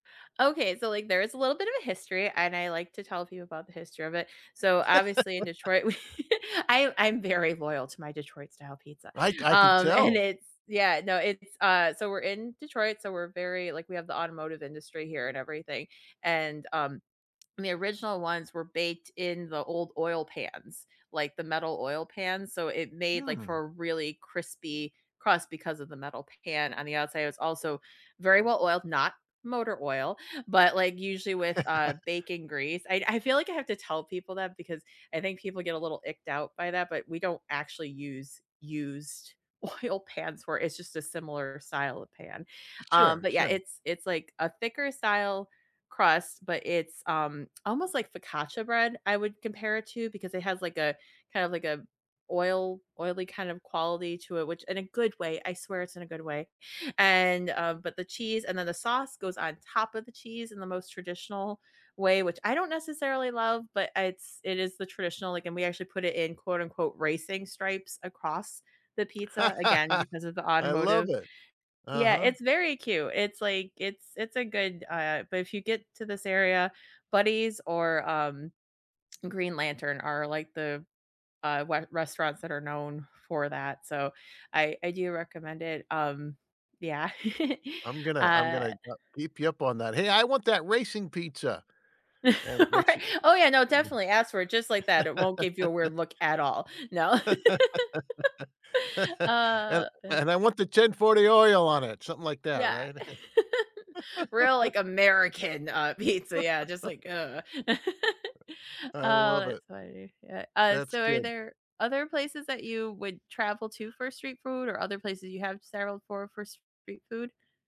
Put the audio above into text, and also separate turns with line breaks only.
Okay, so, like, there is a little bit of a history, and I like to tell people about the history of it. So, obviously, in Detroit, we I'm I'm very loyal to my Detroit-style pizza,
I ca I can
um, and
tell.
it's yeah, no, it's, uh, so we're in Detroit, so we're very like, we have the automotive industry here and everything, and, um, and the original ones were baked in the old oil pans, like, the metal oil pans, so, it made, like, for
Hmm.
a really crispy crust because of the metal pan, on the outside it's also very well oiled, not motor oil, but, like, usually with, uh, bacon grease. I'd I feel, like, I have to tell people that because I think people get a little icked out by that, but we don't actually use used oil pans for it's just a similar style of pan. Um,
Sure,
but, yeah,
sure.
it's it's, like, a thicker style crust, but it's, um, almost, like, focaccia bread, I would compare it to because it has, like, a, kind of, like, a oil oily kind of quality to it, which in a good way, I swear it's in a good way. And, um, but the cheese and then the sauce goes on top of the cheese in the most traditional way, which I don't necessarily love, but it's it is the traditional, like and we actually put it in, quote, unquote, "racing stripes" across the pizza, again, because of the
I love
automotive
it.
Yeah,
Uh-huh.
it's very cute. It's, like it's it's a good, uh but if you get to this area, Buddy's or, um, Green Lantern are, like, the, uh, we restaurants that are known for that, so I I do recommend it, um, yeah.
I'm gonna I'm
Uh
gonna ha keep you up on that. "Hey, I want that racing pizza!" and they
Right,
should.
oh, yeah, no,
[unintelligible]
definitely, ask for it just like that, it won't give you a weird look at all. No.
And
Uh, but
and I want the 1040 oil on it, something like that,
Yeah.
right?
Real, like, American, uh, pizza, yeah, just, like, uh oh,
I love it.
that's funny. Yeah, uh,
That's
so are
good.
there other places that you would travel to for street food or other places you have settled for, for street food?